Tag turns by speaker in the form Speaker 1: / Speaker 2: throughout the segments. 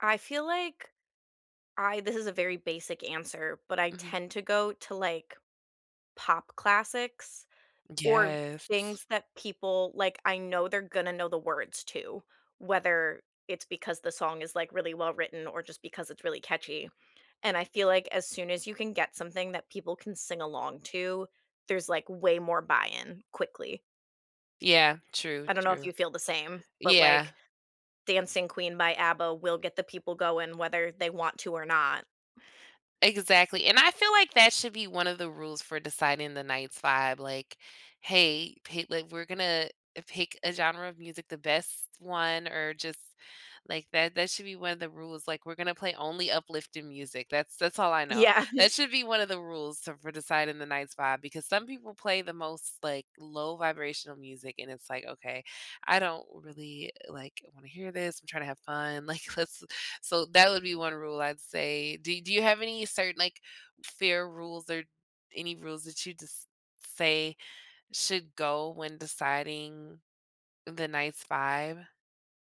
Speaker 1: I feel like, I this is a very basic answer, but I
Speaker 2: Mhm.
Speaker 1: tend to go to, like, pop classics, or
Speaker 2: Yes.
Speaker 1: things that people like, I know they're gonna know the words to, whether it's because the song is, like, really well-written, or just because it's really catchy, and I feel like, as soon as you can get something that people can sing along to, there's, like, way more buy-in, quickly.
Speaker 2: Yeah. True,
Speaker 1: I don't know if
Speaker 2: true.
Speaker 1: you feel the same, but,
Speaker 2: Yeah.
Speaker 1: like, "Dancing Queen" by ABBA will get the people going whether they want to or not.
Speaker 2: Exactly, and I feel like that should be one of the rules for deciding the night's vibe, like, "Hey, pay" like, "We're gonna, eh, pick a genre of music, the best one, or just" like that, that should be one of the rules. Like, "We're gonna play only uplifting music," that's that's all I know.
Speaker 1: Yeah.
Speaker 2: That should be one of the rules t for deciding the night's vibe, because some people play the most, like, low vibrational music, and it's like, okay, I don't really, like, wanna hear this, I'm trying to have fun, like, let's so that would be one rule, I'd say. Do do you have any certain like, fair rules, or any rules that you just say should go when deciding the night's vibe?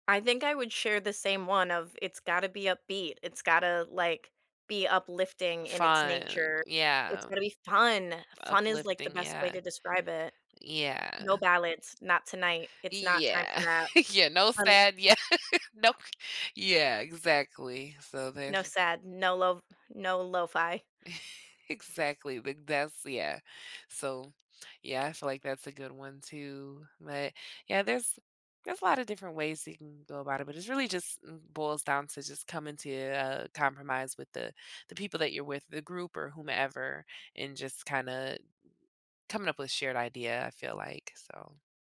Speaker 1: I think I would share the same one of, it's gotta be upbeat. It's gotta, like, be uplifting in its
Speaker 2: Fun,
Speaker 1: nature. It's
Speaker 2: yeah.
Speaker 1: gonna be fun! Fun is, like, the
Speaker 2: Uplifting,
Speaker 1: best way
Speaker 2: yeah.
Speaker 1: to describe it. No
Speaker 2: Yeah.
Speaker 1: ballads, not tonight. It's not time for
Speaker 2: Yeah.
Speaker 1: that.
Speaker 2: Yeah, no sad. Yeah
Speaker 1: [unintelligible]
Speaker 2: Nope. Yeah, exactly, so
Speaker 1: No
Speaker 2: there's
Speaker 1: sad, no lov no lo-fi.
Speaker 2: Exactly, big that's yeah. So, yeah, I feel like that's a good one, too, but, yeah, there's there's a lot of different ways that you can go about it, but it's really just it boils down to just coming to a compromise with the the people that you're with, the group or whomever, and just kinda coming up with a shared idea, I feel like, so